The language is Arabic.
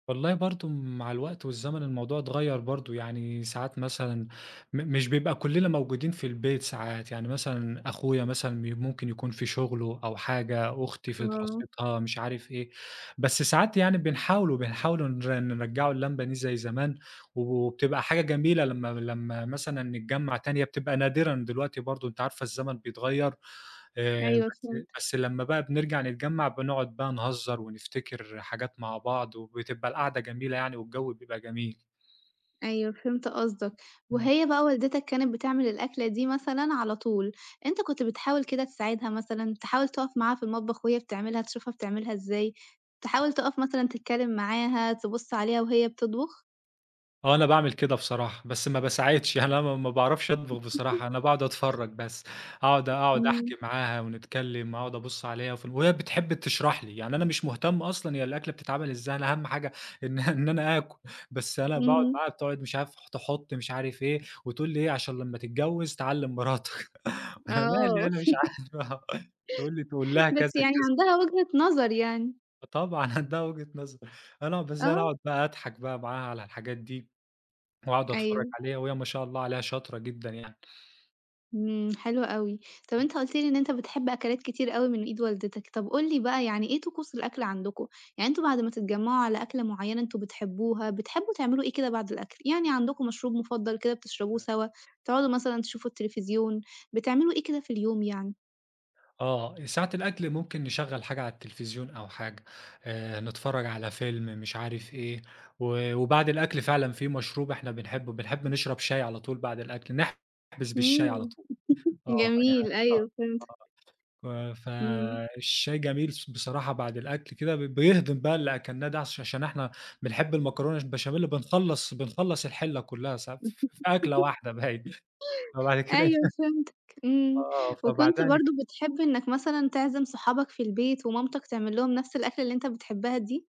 والله برضه مع الوقت والزمن، الموضوع اتغيَّر برضه. يعني ساعات مثلًا م مش بيبقى كُلّنا موجودين في البيت ساعات، يعني مثلًا أخويا مثلًا م ممكن يكون في شغله أو حاجة، أختي في آه. دراستها، مش عارف إيه. بس ساعات يعني بنحاولوا بنحاولوا نر نرجِّعوا اللمة دي زي زمان، وبتبقى حاجة جميلة لمّا لمّا مثلًا نتجمَّع تاني. هي بتبقى نادرًا دلوقتي برضه، أنتِ عارفة، الزمن بيتغيَّر. آآ، أيوه، بس فهمتك. بس لمّا بقى بنرجَع نتجمَّع، بنقعد بقى نهزِر ونفتكر حاجات مع بعض، وبتبقى القعدة جميلة يعني والجو بيبقى جميل. أيوه، فهمت قصدك. إمم. وهي بقى والدتك كانت بتعمل الأكلة دي مثلًا على طُول، أنت كنت بتحاول كده تساعدها مثلًا؟ تحاول تقف معاها في المطبخ وهي بتعملها، تشوفها بتعملها إزاي؟ تحاول تقف مثلًا تتكلم معاها، تبُص عليها وهي بتطبخ؟ آه، أنا باعمل كده بصراحة، بس ما باساعدش. أنا ما ما باعرَفش أطبخ بصراحة، أنا باقعد أتفرَّج بس، أقعد أقعد إمم. أحكي معاها ونتكلَّم، أقعد أبُص عليها، وفي ال وهي بتحب تشرَح لي. يعني أنا مش مهتم أصلًا، هي الأكلة بتتعمل إزاي، أنا أهَم حاجة إن إن أنا آكُل. بس أنا باقعد إمم. معاها، بتقعد، مش عارف، تحُط مش عارف إيه، وتقول لي إيه: "عشان لمّا تتجوَّز تعلِّم مراتك." أنا مالي، آه. أنا مش عارف، آه، تقول لي: "تقول لها بس كذا يعني كذا." عندها وجهة نظر يعني. فطبعًا، عندها وجهة نظر، أنا بس أنا آه. أقعد بقى أضحك بقى معاها على الحاجات دي، وأقعد أتفرج أيوه. عليها وهي ما شاء الله عليها شاطرة جدًا يعني. إمم، حلو أوي. طَب، ام أنت قُلت لي إن أنت بتحب أكلات كتير أوي من إيد والدتك. طَب، قُل لي بقى، يعني إيه طقوس الأكل عندكم؟ يعني أنتم بعد ما تتجمعوا على أكلة معينة أنتم بتحبوها، بتحبوا تعملوا إيه كده بعد الأكل؟ يعني عندكم مشروب مفضل كده بتشربوه [unintelligible] سوا؟ تقعدوا مثلًا تشوفوا التليفزيون؟ بتعملوا إيه كده في اليوم يعني؟ آه، ساعة الأكل ممكن نشغِّل حاجة على التليفزيون أو حاجة، آآ، نتفرَّج على فيلم، مش عارف إيه. و وبعد الأكل فعلًا، في مشروب إحنا بنحبه، بنحب نشرب شاي على طُول بعد الأكل، نحبِس بالشاي على إمم، طُول. آه، يعني جميل. آه، أيوه، فهمت. آه، ف إمم. فالشاي جميل، ص بصراحة، بعد الأكل كده، ب بيهضِّم بقى اللي أكلناه ده، عش عشان إحنا بنحب المكرونة البشاميل، بنخلِّص بنخلِّص الحلّة كُلّها ساعات، ف في أكلة واحدة، باين. فبعد كده أيوه فهمتك. إمم، آه، وكنت فبعدها نج برضه بتحب إنك مثلًا تعزم صحابك في البيت ومامتك تعملّهم نَفْس الأكلة اللي أنت بتحبها دي؟